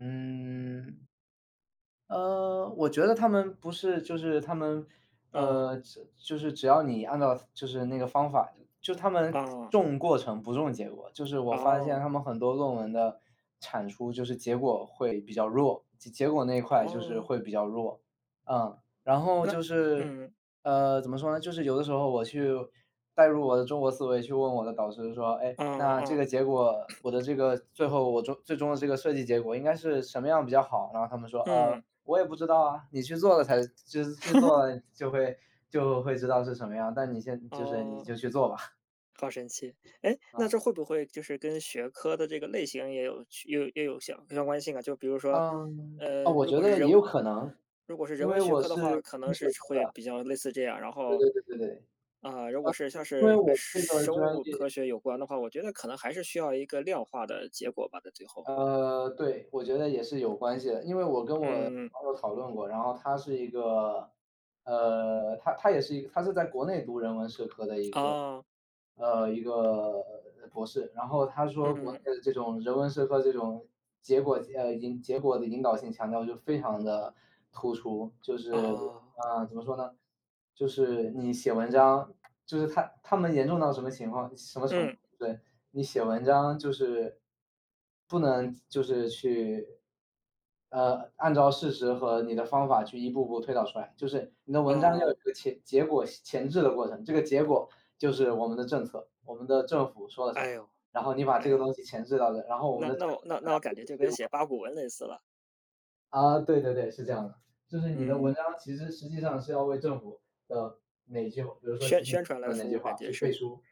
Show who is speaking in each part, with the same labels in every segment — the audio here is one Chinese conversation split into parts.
Speaker 1: 嗯。呃，我觉得他们不是就是他们
Speaker 2: 嗯。
Speaker 1: 呃，就就是只要你按照，就是那个方法，就他们，
Speaker 2: 哦。
Speaker 1: 重过程不重结果。就是我发现
Speaker 2: 哦。
Speaker 1: 他们很多论文的产出就是结果会比较弱，结结果那一块就是
Speaker 2: 哦。
Speaker 1: 会比较弱。嗯，然后
Speaker 2: 那
Speaker 1: 就是
Speaker 2: 嗯。
Speaker 1: 呃，怎么说呢，就是有的时候我去，带入我的中国思维，去问我的导师说：”诶，
Speaker 2: 嗯
Speaker 1: 那这
Speaker 2: 嗯。
Speaker 1: 个结果，我的这个，最后我终最终的这个设计结果应该是什么样比较好呢？”他们说：“呃，
Speaker 2: 嗯。
Speaker 1: 我也不知道啊，你去做了才就是去做，就会就会知道是什么样，但你现就是，你
Speaker 2: 哦。
Speaker 1: 就去做吧。”
Speaker 2: 好神奇，诶，那
Speaker 1: 嗯。
Speaker 2: 这会不会，就是跟学科的这个类型也有区也有也有相相关性啊？就比如说，
Speaker 1: 嗯呃，
Speaker 2: 呃，
Speaker 1: 我
Speaker 2: 如
Speaker 1: 觉
Speaker 2: 果是
Speaker 1: 得
Speaker 2: 人
Speaker 1: 也有可能，
Speaker 2: 如果是
Speaker 1: 因
Speaker 2: 人
Speaker 1: 为
Speaker 2: 文学
Speaker 1: 我
Speaker 2: 科的
Speaker 1: 是
Speaker 2: 话，可
Speaker 1: 是
Speaker 2: 能
Speaker 1: 社
Speaker 2: 是
Speaker 1: 科
Speaker 2: 会
Speaker 1: 的。
Speaker 2: 比较类似这样。然
Speaker 1: 对
Speaker 2: 后
Speaker 1: 对对对对。呃，
Speaker 2: 啊，如果是像
Speaker 1: 因为
Speaker 2: 是跟
Speaker 1: 我
Speaker 2: 生
Speaker 1: 这个
Speaker 2: 生
Speaker 1: 专
Speaker 2: 物
Speaker 1: 业
Speaker 2: 科学有关的话，我觉得可能还是需要一个量化的结果吧，在最后。
Speaker 1: 呃，对，我觉得也是有关系的。因为我跟我
Speaker 2: 嗯。
Speaker 1: 朋友讨论过，然后他是一个呃，他他也是一他是在国内读人文社科的一个
Speaker 2: 哦。
Speaker 1: 呃，一个博士。然后他说国内
Speaker 2: 嗯。
Speaker 1: 的这种人文社科这种结果呃，引结果的引导性强调就非常地突出。就是
Speaker 2: 哦。
Speaker 1: 呃，怎么说呢？就是你写文章，就是他他们严重到什么情况什么程度，
Speaker 2: 嗯。
Speaker 1: 对，你写文章就是不能就是去呃，按照事实和你的方法去一步步推导出来。就是你的文章要有
Speaker 2: 哦。
Speaker 1: 一个前结果前置的过程，这个结果就是我们的政策，我们的政府说了什
Speaker 2: 哎
Speaker 1: 么？
Speaker 2: 哟，
Speaker 1: 然后你把
Speaker 2: 哎
Speaker 1: 这个
Speaker 2: 呀。
Speaker 1: 东西前置到了，然后我们
Speaker 2: 那
Speaker 1: 的。
Speaker 2: 那我那那我感觉就跟写
Speaker 1: [unintelligible]
Speaker 2: 八股文类似了。
Speaker 1: 啊，对对对，是这样的。就是你的文
Speaker 2: 嗯。
Speaker 1: 章，其实实际上是要为政府的哪句，比如说习
Speaker 2: 宣
Speaker 1: 近
Speaker 2: 宣传来
Speaker 1: 平的哪
Speaker 2: 服
Speaker 1: 句
Speaker 2: 务感
Speaker 1: 话去
Speaker 2: 觉
Speaker 1: 背
Speaker 2: 是。
Speaker 1: 书。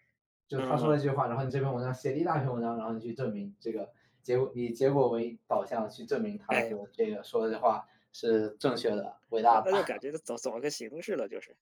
Speaker 1: 就他说了
Speaker 2: 嗯。
Speaker 1: 这句话，然后你这篇文章写了一大篇文章，然后你去证明这个结果以结果为导向去证明他
Speaker 2: 哎
Speaker 1: 的
Speaker 2: 哟。
Speaker 1: 这个说的这话是正确的、伟大
Speaker 2: 那
Speaker 1: 的。
Speaker 2: 那就感觉，走走个形式了，就是。